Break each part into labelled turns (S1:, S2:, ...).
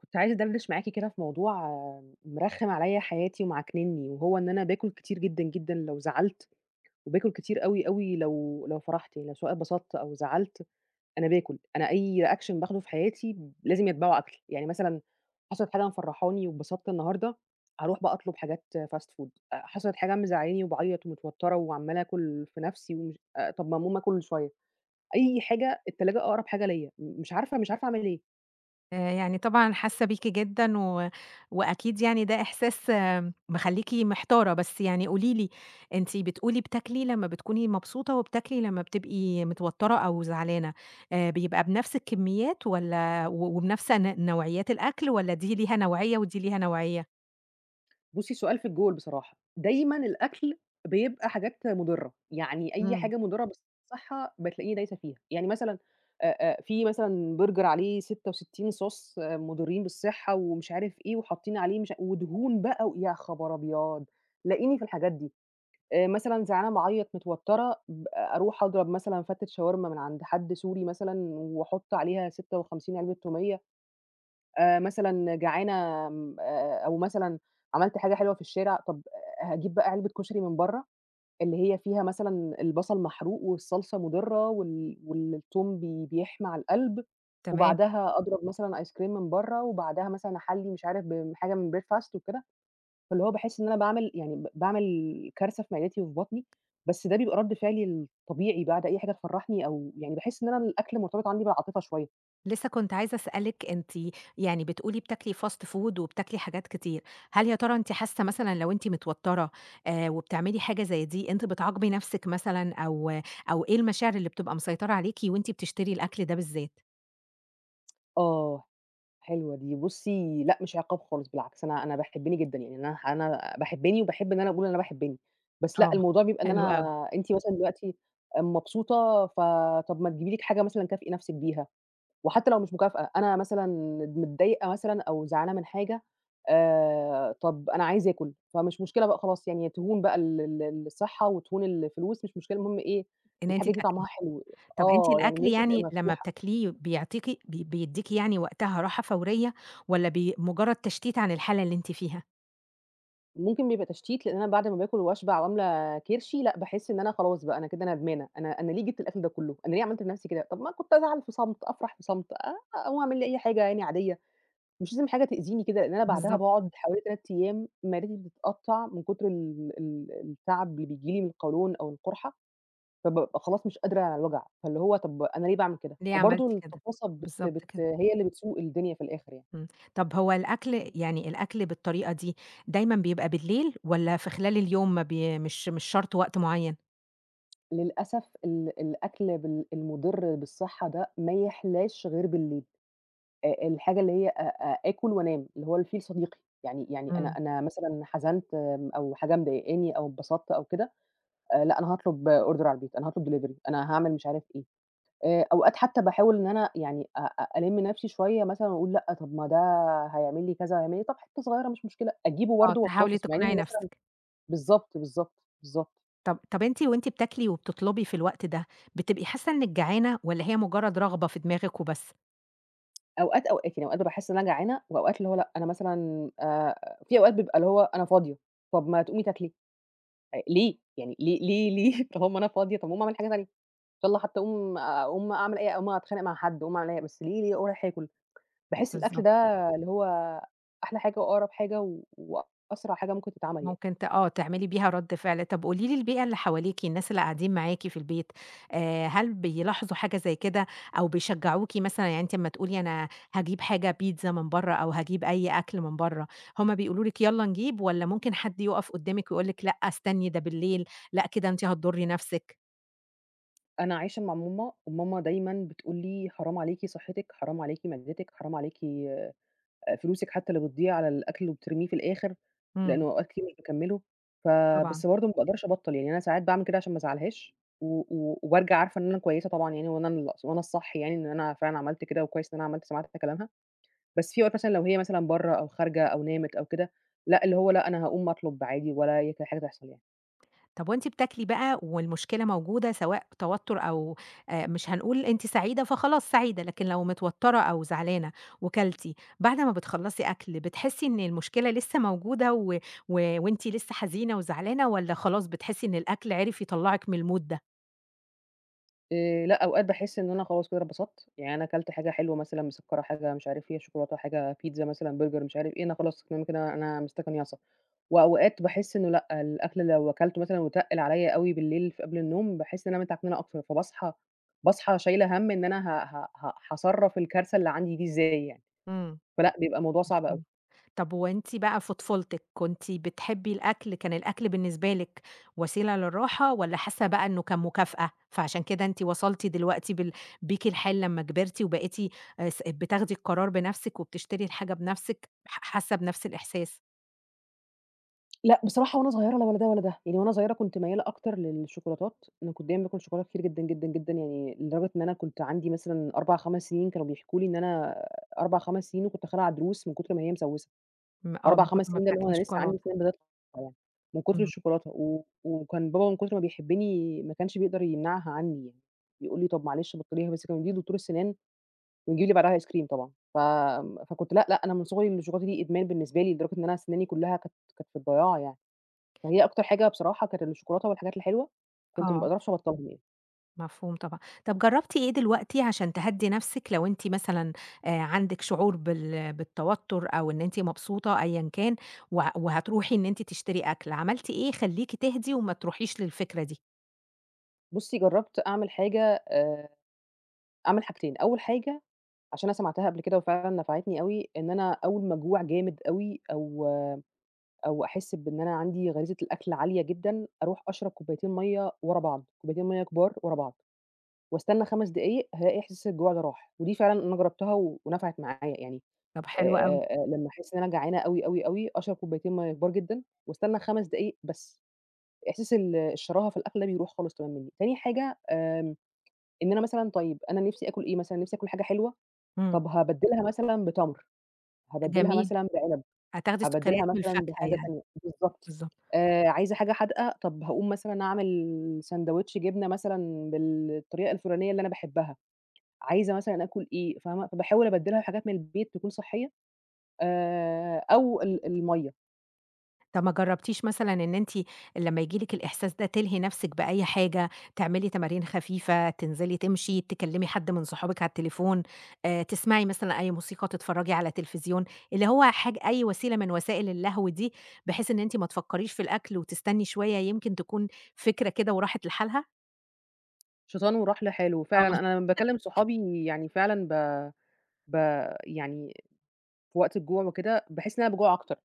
S1: كنت عايزة أدردش معاكِ كده في موضوع مرخِّم عليّا حياتي ومعكننّي وهو إن أنا باكُل كتير جدًا، جدًا لو زعلت وباكُل كتير أوي، أوي لو لو فرحت لو سواء اتبسطت أو زعلت، أنا باكُل. أنا أي reaction باخده في حياتي لازم يَتبعه أكل. يعني مثلًا حصلت حاجة مفرّحاني واتبسطت النهاردة، هاروح بقى أطلُب حاجات fast food، آآ حصلِت حاجة مزعّلاني وباعيّط ومتوتَّرة وعَمّالة آكُل في نَفْسي ومش آآ طَب ما أقوم آكُل شوية، أي حاجة التلاجة أقرب حاجة ليّا، م مش عارفة مش عارفة أعمل إيه.
S2: آآ يعني طبعًا حاسّة بيكِ جدًا و وأكيد يعني ده إحساس مخلّيكِ محتارة، بس يعني قولي لي، أنتِ بتقولي بتاكلي لمّا بتكوني مبسوطة وبتاكلي لمّا بتبقي متوتَّرة أو زعلانة، آآ بيبقى بنَفْس الكمّيات والّا و وبنَفْس ن نوعيات الأكل والّا دي ليها نوعية ودي ليها نوعية؟
S1: بُصّي، سؤال في الجول بصراحة. دايمًا الأكل بيبقى حاجات مُضِرّة، يعني أي
S2: إمم.
S1: حاجة مضرة بالصِحّة بتلاقيني دايسة فيها. يعني مثلًا آآ آآ في مثلًا burger عليه 66 صوص مُضرّين بالصِحّة ومش عارف إيه وحاطّين عليه مش ودهون بقى و يا خبر أبيض، تلاقيني في الحاجات دي. آآ مثلًا زعلانة، باعيّط، متوتَّرة، ب أروح أضرب مثلًا فَتّة شاورما من عند حد سوري مثلًا وأحُط عليها 56 عِلبة توميّة. آآ مثلًا جعانة م آآ آآ أو مثلًا عملت حاجة حلوة في الشارع، طَب آآ هاجيب بقى علبة كشري من برّه اللي هي فيها مثلًا البَصَل محروق والصلصة مُضِرّة وال والتوم بي بيحمى على القَلْب،
S2: تمام.
S1: وبعدها أضرب مثلًا ice cream من برّه وبعدها مثلًا أحلّي مش عارف ب حاجة من breakfast وكده، فاللي هو باحس إن أنا باعمل يعني ب باعمل كارثة في معدتي وفي بطني، بس ده بيبقى رَد فعلي الطبيعي بعد أي حاجة تفرّحني أو يعني باحس إن أنا الأكل مرتبط عندي بالعاطفة شوية.
S2: لسّه كنت عايزة أسألِك، أنتِ يعني بتقولي بتاكلي fast food وبتاكلي حاجات كتير، هل يا ترى أنتِ حاسّة مثلًا لو أنتِ متوتَّرة آآ وبتعملي حاجة زي دي، أنتِ بتعاقبي نَفْسِك مثلًا أو أو إيه المشاعر اللي بتبقى مسيطرة عليكِ وأنتِ بتشتري الأكل ده بالذات؟
S1: آه، حلوة دي. بُصّي، لأ مش عقاب خالص بالعكس، أنا أنا باحبّني جدًا، يعني أنا أنا باحبّني وباحب إن أنا أقول إن أنا باحبّني. بس
S2: آه،
S1: لأ، الموضوع بيبقى إن
S2: حلو
S1: أنا
S2: أوي.
S1: أنتِ مثلًا دلوقتي آآ مبسوطة، ف طَب ما تجيبي لِك حاجة مثلًا كافئي نَفْسِك بيها. وحتّى لو مش مكافأة، أنا مثلًا ند متضايقة مثلًا أو زعلانة من حاجة، آآ طَب أنا عايزة آكُل. فمش مشكلة بقى خلاص، يعني تهون بقى ال ال الصِحّة وتهون الفلوس، مش مشكلة المهم إيه،
S2: إن أنتِ
S1: الحاجة دي
S2: تاكلي.
S1: طعمها حلو.
S2: طَب أنتِ
S1: آه،
S2: الأكل
S1: يعني نِفْسي تبقى
S2: يعني لمّا
S1: مفتوحة.
S2: بتاكليه بيعطيكِ ب بيدّيكِ يعني وقتها راحة فورية والّا بي مُجرّد تشتيت عن الحالة اللي أنتِ فيها؟
S1: ممكن بيبقى تشتيت لإن أنا بعد ما باكل وأشبع وأملى كرشي، لأ باحس إن أنا خلاص بقى أنا كده ندمانة، أنا أنا ليه جِبت الأكل ده كلّه، أنا ليه عملت في نَفْسي كده؟ طَب ما كنت أزعل في صمت، أفرح في صمت آآ أقوم أعمل لي أي حاجة يعني عاديّة. مش لازم حاجة تأذيني كده لإن أنا بعدها
S2: بالضبط.
S1: باقعُد حوالي 3 أيّام معدتي بتتقطّع من كتر ال ال التَعَب اللي بييجي لي من القولون أو القُرحة، فبابقى خلاص مش قادرة على الوجع، فاللي هو طَب أنا ليه باعمل كده؟
S2: ليه عملتِ
S1: وبرضه
S2: كده؟
S1: الطفاسة بت
S2: بالضبط
S1: بت
S2: كده.
S1: هي اللي بتسوق الدنيا في الآخِر يعني.
S2: إمم. طَب هو الأكل يعني الأكل بالطريقة دي، دايمًا بيبقى بالليل والّا في خلال اليوم ما بي مش مش شَرط وقت معيّن؟
S1: للأسف ال الأكل بال المضر بالصحّة ده ما يحلاش غير بالليل، آآ الحاجة اللي هي أ أ آكل وأنام اللي هو الفيل صديقي يعني يعني أنا
S2: إمم.
S1: أنا مثلًا حزنت آمم، أو حاجة مضايقاني أو اتبسطت أو كده، آآ لأ أنا هاطلب order على البيت، أنا هاطلب delivery أنا هاعمل مش عارف إيه، آآ أوقات حتّى باحاول إن أنا يعني أ أ ألم نفْسي شويّة مثلًا وأقول لأ، طَب ما ده هيعمل لي كذا، [unintelligible] طَب حتّة صغيّرة مش مشكلة، أجيبه
S2: آه،
S1: برضه
S2: تحاولي
S1: وأطافس مع إنّي
S2: تقنعي
S1: مثلًا
S2: نفسِك.
S1: بالضبط، بالضبط، بالضبط.
S2: طَب طَب أنتِ وأنتِ بتاكلي وبتطلبي في الوقت ده بتبقي حاسة إنك جعانة، والّا هي مجرد رغبة في دماغِك وبس؟
S1: أوقات، أوقات يعني أوقات باحس إن أنا جعانة وأوقات اللي هو لأ أنا مثلًا آآ في أوقات بيبقى اللي هو أنا فاضية طَب ما تقومي تاكلي، آآ، ليه؟ يعني ليه ليه ليه؟ طَب أما أنا فاضية طَب ما أعمل حاجة تانية إن شاء الله حتى أقوم آآ، أقوم أعمل أي أقوم أتخانق مع حد، أقوم أعمل أي حا بس ليه ليه أروح آكل؟ باحس الأكل
S2: بالضبط.
S1: ده اللي هو أحلى حاجة وأقرب حاجة و وأسرع حاجة ممكن تتعمل يعني.
S2: ممكن ت آه تعملي بيها رد فعل، طَب قولي لي البيئة اللي حواليكِ، الناس اللي قاعدين معاكِ في البيت، آآ هل بيلاحظوا حاجة زي كده أو بيشجعوكِ مثلًا؟ يعني أنتِ أما تقولي أنا هاجيب حاجة بيتزا من برّا، أو هاجيب أي أكل من برّا، هُم بيقولوا لِك يالّا نجيب، والّا ممكن حد يقف قدامِك ويقول لِك لأ استني، ده بالليل لأ، كده أنتِ هتضري نفسِك؟
S1: أنا عايشة مع ماما وماما دايمًا بتقول لي: "حرام عليكِ صحّتِك، حرام عليكِ معدتِك، حرام عليكِ آآ فلوسِك حتّى اللي بتضيّع على الأكل اللي بترميه في الآخِر،" لإن
S2: إمم.
S1: هو أوقات كتير مش باكمِّله. ف
S2: طبعًا.
S1: بس برضه ما باقدرش أبطّل، يعني أنا ساعات باعمل كده عشان ما أزعّلهاش و و وبارجع عارفة إن أنا كويسة طبعًا يعني وإن أنا الص وأنا الصح يعني إن أنا فعلًا عملت كده وكويس إن أنا عملت سمعت حتّى كلامها. بس في أوقات مثلًا لو هي مثلًا برّه أو خارجة أو نامت أو كده، لأ اللي هو لأ، أنا هاقوم أطلُب عادي ولا أي ك حاجة تحصل يعني.
S2: طَب وأنتِ بتاكلي بقى والمشكلة موجودة سواء توتُّر أو آآ، مش هنقول أنتِ سعيدة فخلاص سعيدة، لكن لو متوتَّرة أو زعلانة وكلتِ، بعد ما بتخلّصي أكل بتحسّي إن المشكلة لسّه موجودة و و وأنتِ لسّه حزينة وزعلانة والّا خلاص بتحسّي إن الأكل عرف يطلّعِك من الmood ده؟
S1: آآ لأ، أوقات باحس إن أنا خلاص كده أنا اتبسطت، يعني أنا كلت حاجة حلوة مثلًا مسكّرة، حاجة مش عارف فيها شوكولاتة، حاجة pizza مثلًا burger مش عارف إيه، أنا خلاص تمام كده أنا مِستَكَنيَصة. وأوقات باحس إنه لأ، الأكل لو أكلته مثلًا وتقِّل عليّا أوي بالليل في قبل النوم، باحس إن أنا متعكننة أكتر، فباصحى باصحى شايلة هَم إن أنا ه ه ه هاصرّف الكارثة اللي عندي دي إزاي يعني،
S2: إمم.
S1: فلأ بيبقى الموضوع صعب أوي.
S2: مفهوم. طَب هو أنتِ بقى في طفولتِك كنتِ بتحبّي الأكل، كان الأكل بالنسبة لِك وسيلة للراحة والّا حاسّة بقى إنه كان مكافأة، فعشان كده أنتِ وصلتِ دلوقتي بال بيكِ الحال لمّا كبرتِ وبقيتِ آآ س بتاخدي القرار بنَفْسِك وبتشتري الحاجة بنَفْسِك ح حاسّة بنَفْس الإحساس؟
S1: لأ بصراحة، وأنا صغيرة لا ولا ده ولا ده، يعني وأنا صغيرة كنت ميّالة أكتر للشوكولاتات أنا كنت دايمًا باكل شوكولاتة كتير جدًا، جدًا، جدًا يعني، لدرجة إن أنا كنت عندي مثلًا 4،5 سنين كانوا بيحكوا لي إن أنا آآ 4،5 سنين وكنت خالعة ضروس من كتر ما هي مسوسة،
S2: امم آه،
S1: أربع،
S2: من كتر
S1: خمس
S2: ما
S1: سنين ده اللي هو
S2: بتاكلي
S1: أنا لسه عندي
S2: شوكولاتة.
S1: سنان بتطلع يعني، من كتر
S2: اهم.
S1: الشوكولاتة، و و وكان بابا من كتر ما بيحبني ما كانش بيقدر يمنعها عني يعني، يقول لي: "طَب معلش بطليها بس"، كان بيوديني لدكتور السنان ويجيب لي بعدها ice cream طبعًا، ف فكنت لأ لأ أنا من صغري أنا الشوكولاتة دي إدمان بالنسبة لي، لدرجة إن أنا سناني كلها كانت كانت في الضياع يعني، فهي أكتر حاجة بصراحة كانت الشوكولاتة والحاجات الحلوة كنت ما
S2: آه.
S1: باقدرش أبطلهم يعني.
S2: مفهوم طبعًا. طب جرّبتِ إيه دلوقتي عشان تهدّي نفسك لو أنتِ مثلًا آآ عندك شعور بال بالتوتر، أو إن أنتِ مبسوطة أيًا كان، و وهتروحي إن أنتِ تشتري أكل، عملتِ إيه يخلّيكِ تهدي وما تروحيش للفكرة دي؟
S1: بُصّي، جرّبت أعمل حاجة، آآ أعمل حاجتين، أول حاجة عشان أنا سمعتها قبل كده وفعلاً نفعتني أوي إن أنا أول ما أجوع جامد أوي أو أو أحس بإن أنا عندي غريزة الأكل عالية جدًا، أروح أشرب كوبايتين مَيّة ورا بعض، كوبايتين مَيّة كبار ورا بعض، وأستنى خمس دقايق هالاقي إحساس الجوع ده راح، ودي فعلًا أنا جربتها و ونفعت معايا. يعني
S2: طب حلو أوي.
S1: آآ لمّا أحس إن أنا جعانة أوي، أوي، أوي، أشرب كوبايتين مَيّة كبار جدًا وأستنى خمس دقايق بس، إحساس ال الشراهة في الأكل ده بيروح خالص تمامًا مني، تاني حاجة آآ إن أنا مثلًا طيب أنا نفسي آكل إيه مثلًا؟ نفسي آكل حاجة حلوة،
S2: إمم.
S1: طب هابدلها مثلًا بتمر، هابدلها
S2: جميل.
S1: مثلًا بعنب،
S2: هتاخدي سكريات
S1: هابدلها
S2: من
S1: مثلًا
S2: الفاكهة
S1: بحاجة
S2: يعني،
S1: تانية بالضبط
S2: بالضبط.
S1: آآ عايزة حاجة حادقة، طَب هاقوم مثلًا أعمل ساندوتش جبنة مثلًا بالطريقة الفلانية اللي أنا باحبها، عايزة مثلًا آكل إيه، فاهمة؟ فباحاول أبدّلها بحاجات من البيت تكون صحية، آآ، أو ال المَيّة.
S2: طَب ما جرّبتيش مثلًا إن أنتِ لمّا ييجي لِك الإحساس ده تلهي نفسِك بأي حاجة، تعملي تمارين خفيفة، تنزلي تمشي، تكلمي حد من صحابِك على التليفون، آآ تسمعي مثلًا أي موسيقى، تتفرجي على تليفزيون، اللي هو حاجة أي وسيلة من وسائل اللهو دي، بحيث إن أنتِ ما تفكّريش في الأكل وتستني شوية يمكن تكون فكرة كده وراحت لحالها؟
S1: شيطان وراح لحاله.
S2: آه
S1: وفعلًا
S2: مظب
S1: أنا لمّا باكلّم صحابي يعني فعلًا ب ب يعني في وقت الجوع وكده باحس إن أنا باجوع أكتر.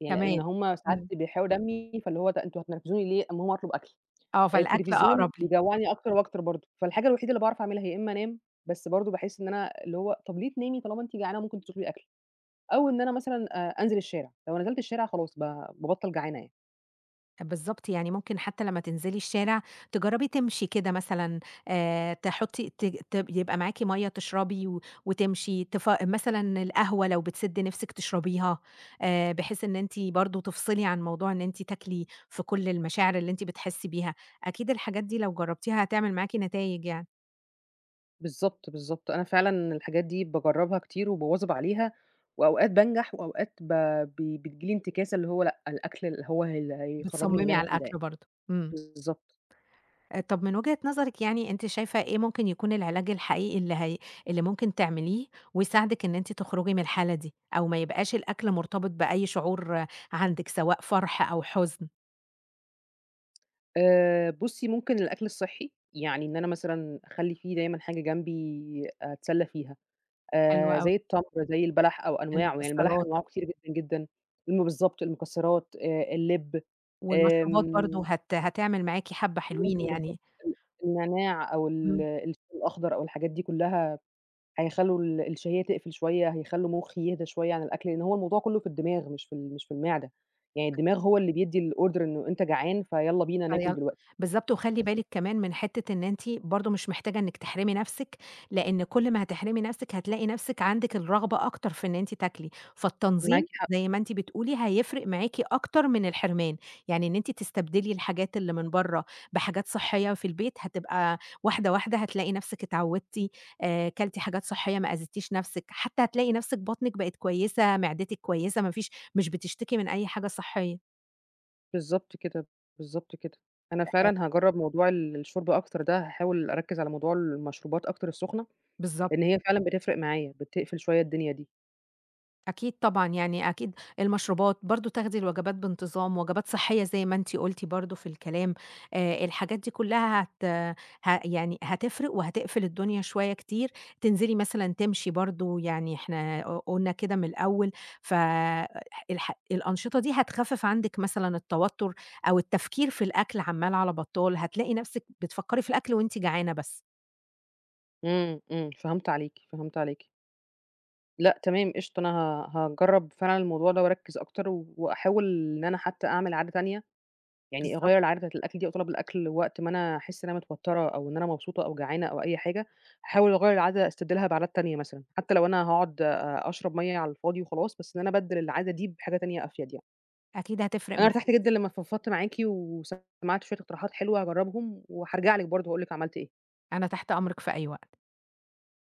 S1: يعني لإن
S2: كمان،
S1: هُم ساعات
S2: إمم.
S1: بيحرقوا دمي فاللي هو بقى أنتم هتنرفزوني ليه، أمّا أقوم اطلب أكل.
S2: آه،
S1: آآ
S2: فالأكل
S1: التليفزيون
S2: أقرب لي.
S1: بيجوعني أكتر وأكتر برضه. فالحاجة الوحيدة اللي باعرف أعملها هي إما أنام بس برضه باحس إن أنا اللي هو طَب ليه تنامي طالما أنتِ جعانة ممكن تطلبي أكل، أو إن أنا مثلًا آآ أنزل الشارع. لو نزلت الشارع خلاص ب بابطل جعانة يعني.
S2: بالضبط، يعني ممكن حتّى لمّا تنزلي الشارع تجرّبي تمشي كده مثلًا آآ، تحطّي ت ت يبقى معاكِ مَيَّة تشربي و وتمشي، تفا مثلًا القهوة لو بتسد نفسِك تشربيها، آآ، بحيث إن أنتِ برضه تفصلي عن موضوع إن أنتِ تاكلي في كل المشاعر اللي أنتِ بتحسّي بيها. أكيد الحاجات دي لو جربتيها هتعمل معاكِ نتايج يعني.
S1: بالضبط، بالضبط. أنا فعلًا الحاجات دي باجربها كتير وباواظب عليها، وأوقات بانجح وأوقات ب ب بتيجي لي انتكاسة اللي هو لأ، الأكل اللي هو اللي هيخرجني من اللي
S2: بتصممي
S1: أنا
S2: على
S1: في ده
S2: الأكل
S1: يعني.
S2: برضه. إمم.
S1: بالضبط.
S2: آآ، طَب من وجهة نظرِك يعني أنتِ شايفة إيه ممكن يكون العلاج الحقيقي اللي هي اللي ممكن تعمليه ويساعدِك إن أنتِ تخرجي من الحالة دي، أو ما يبقاش الأكل مرتبط بأي شعور عندِك سواء فرح أو حزن؟
S1: آآ بُصّي ممكن الأكل الصحّي، يعني إن أنا مثلًا أخلّي في دايمًا حاجة جنبي أتسلى فيها
S2: حلو
S1: آآ
S2: أوي.
S1: زي التمر، زي البلح أو أنواعه يعني البلح
S2: المكسرات.
S1: أنواعه كتيرة جدًا، جدًا الم بالضبط المكسرات آآ اللِب
S2: والمشروبات
S1: آمم
S2: برضه هت هتعمل معاكِ حَبّة حلوين
S1: ممكن بالضبط
S2: يعني.
S1: ال النعناع أو ال
S2: إمم.
S1: الشاي الأخضر أو الحاجات دي كلّها هيخلّوا ال الـشهيّة تقفل شوية، هيخلّوا مُخّي يهدى شوية عن الأكل لإن هو الموضوع كلّه في الدماغ مش في ال مش في المعدة، يعني الدماغ هو اللي بيدّي الorder إنه أنت جعان فيالّا بينا ناكل
S2: فيال
S1: دلوقتي.
S2: بالضبط، وخلّي
S1: بالضبط.
S2: بالِك كمان من حتّة إن أنتِ برضه مش محتاجة إنِّك تحرمي نَفْسِك، لإن كل ما هتحرمي نَفْسِك هتلاقي نَفْسِك عندِك الرغبة أكتر في إن أنتِ تاكلي،
S1: معاكِ
S2: فالتنظيم
S1: حق.
S2: زي ما أنتِ بتقولي هيفرق معاكِ أكتر من الحرمان، يعني إن أنتِ تستبدلي الحاجات اللي من برّا بحاجات صحيّة في البيت هتبقى واحدة، واحدة هتلاقي نَفْسِك اتعودتِ آآ كلتِ حاجات صحيّة ما أذيتيش نَفْسِك، حتّى هتلاقي نَفْسِك بطنِك بقت كويّسة، معدتِك كويّسة، ما فيش مش بتشتكي من أي حاجة صحيّة.
S1: بالضبط كده، بالضبط كده، أنا
S2: آآ
S1: فعلًا هاجرّب موضوع ال الشرب أكتر ده هاحاول أركّز على موضوع المشروبات أكتر السخنة
S2: بالضبط.
S1: لإن هي فعلًا بتفرق معايا، بتقفل شوية الدنيا دي.
S2: أكيد طبعًا، يعني أكيد المشروبات برضه، تاخدي الوجبات بانتظام، وجبات صحيّة زي ما أنتِ قُلتِ برضه في الكلام، آآ الحاجات دي كلّها هت ها يعني هتفرق وهتقفل الدنيا شوية كتير، تنزلي مثلًا تمشي برضه، يعني إحنا ق قلنا كده من الأول ف أ ح الح الأنشطة دي هتخفف عندِك مثلًا التوتر أو التفكير في الأكل عَمّال على بطّال، هتلاقي نَفْسِك بتفكّري في الأكل وأنتِ جعانة بس.
S1: إمم، إمم فهمت عليكِ، فهمت عليكِ. لأ تمام قشطة، أنا ها هاجرب فعلًا الموضوع ده وأركّز أكتر، وأحاول إن أنا حتى أعمل عادة تانية، يعني
S2: بالضب
S1: أغيّر العادة بتاعة الأكل دي أو طلب الأكل وقت ما أنا أحس إن أنا متوترة أو إن أنا مبسوطة أو جعانة أو أي حاجة، هاحاول أغيّر العادة أستبدلها بعادات تانية مثلًا، حتى لو أنا هاقعُد أ أشرب مَيّة على الفاضي وخلاص، بس إن أنا أبدّل العادة دي بحاجة تانية أفيد يعني.
S2: أكيد هتفرق
S1: أنا
S2: معاكِ
S1: ارتحت جدًا
S2: كتير.
S1: لمّا فضفضت معاكِ وسمعت شوية اقتراحات حلوة هاجرّبهم، وحارجع لِك برضه وأقول لِك عملت إيه.
S2: أنا تحت أمرِك في أي وقت.